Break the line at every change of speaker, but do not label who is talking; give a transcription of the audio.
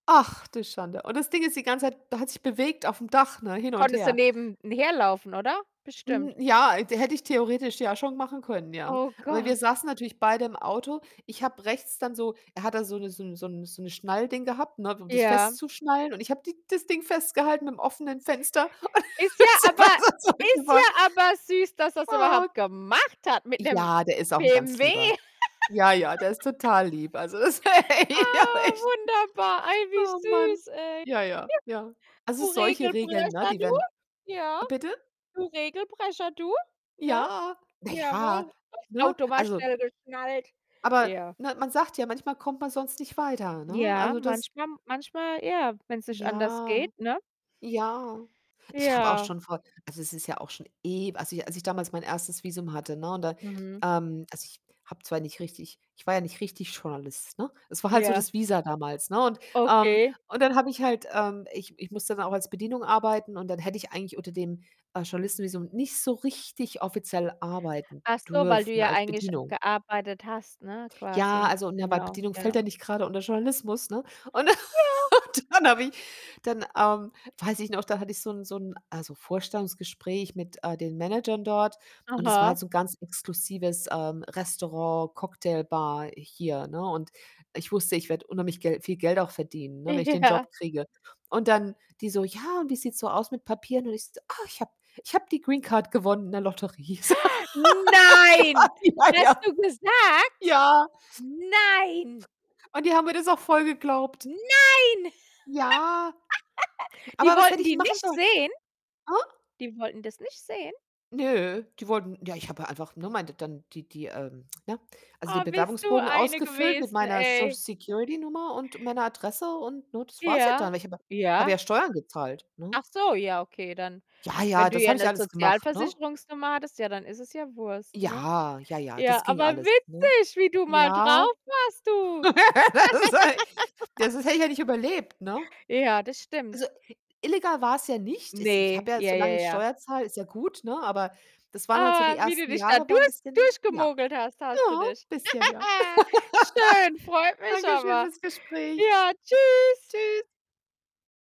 Ach, du Schande. Und das Ding ist die ganze Zeit da hat sich bewegt aufm Dach, ne, hin und
Konntest
her.
daneben n herlaufen, oder?
Hm,
Bestimmt.
ja, de hätte ich theoretisch ja schon machen können, ja.
Oh
Aber wir
Gott.
saßen natürlich beide im Auto. Ich habe rechts dann so er hat da so 'ne so 'n so 'n so 'ne Schnallding gehabt, ne, um das
Ja.
festzuschnallen und ich habe die das Ding festgehalten mit 'm offenen Fenster und
Ist
dann
ja
ist er
aber
besser
ist
zurückgefahren.
ja aber süß, dass er's
Ah.
überhaupt gemacht hat mit 'nem
Ja, der ist auch 'n ganz
BMW.
Lieber. Ja, ja, der ist total lieb. Also, das, [unintelligible]
Ah,
echt,
wunderbar, ei, wie
oh Mann.
süß, ey. Ja,
Ja, ja, ja. Also,
du
solche Regeln, ne,
Regelbrecher,
die
du?
werden
Ja,
bitte?
du Regelbrecher, du, ne?
Ja, na ja,
Jawoll. Das
ne?
Auto war
Also
schnell geschnallt.
aber
Ja.
ne, man sagt ja, manchmal kommt man sonst nicht weiter, ne?
Ja,
Also, das
manchmal manchmal ja, wenn's nicht anders
Ja,
geht, ne?
ja. Ich habe auch
Ja.
schon vor also, es ist ja auch schon ew also [unintelligible] als ich damals mein 1. Visum hatte, ne, und da,
Mhm.
ähm also, ich habe zwar nicht richtig ich war ja nicht richtig Journalist, ne? Es war halt so
Ja.
das Visa damals, ne? Und, ähm
Okay.
und dann habe ich halt, ähm ich ich musste dann auch als Bedienung arbeiten und dann hätte ich eigentlich unter dem, äh, Journalistenvisum nicht so richtig offiziell arbeiten
Achso, weil du
dürfen
ja
als
eigentlich
Bedienung.
gearbeitet hast, ne,
Ja,
quasi.
also, ne, weil
Genau,
Bedienung fällt ja
genau.
nicht grade unter Journalismus, ne, und
Ja.
und dann habe ich dann, ähm, weiß ich noch, da hatte ich so 'n so 'n, also, Vorstellungsgespräch mit, äh, den Managern dort und es war halt
Aha.
so 'n ganz exklusives, ähm, Restaurant, Cocktailbar hier, ne? Und ich wusste, ich werde unheimlich Gel viel Geld auch verdienen, ne, wenn ich den
Ja.
Job kriege und dann die so: „Ja, und wie sieht's so aus mit Papieren?“ Und ich so: „Ah, ich habe ich habe die Greencard gewonnen in der Lotterie.“ So, oh
Nein,
Gott, ja,
hast
ja.
du gesagt?
Ja.
Nein.
Und die haben mir das auch voll geglaubt.
Nein!
Ja.
Die
Aber was hätte
wollten
ich
die
denn machen
nicht
sollen?
sehen?
Hä?
Die wollten das nicht sehen?
Nö, die wollten ja, ich habe ja einfach, ne, mein d dann die die, ähm, ne also, den
Oh, bist du
Bewerbungsbogen
eine
ausgefüllt mit
gewesen,
meiner Social
ey.
Security Nummer und meiner Adresse und, ne, das war's ja
Ja,
dann. Ich habe ja habe ja
ja.
Steuern gezahlt, ne?
Achso, ja okay, dann
Ja,
wenn
ja,
du
das
hier
habe ich
'ne
alles gemacht, ne?
Sozialversicherungsnummer hattest, ja dann ist es ja Wurst, ne?
Ja, ja, ja, das
Ja,
ging
aber
alles, ne?
witzig, wie du mal
Ja.
drauf warst, du.
Ist halt ja, sonst hätte ich ja nicht überlebt, ne?
Ja, das
Also,
stimmt.
illegal war's ja nicht. Es ich
Ne,
habe ja
ja, ja,
solang ich
ja.
Steuer zahle, ist ja gut, ne, aber das waren halt so die
Ah, wie du
ersten
dich da
Jahre waren 'n
durch
bisschen ja.
durchgemogelt hast hast du
Ja,
dich.
bisschen, ja.
Schön, freut mich
Danke schön
aber.
fürs Gespräch.
Ja, Tschüss.
Tschüss.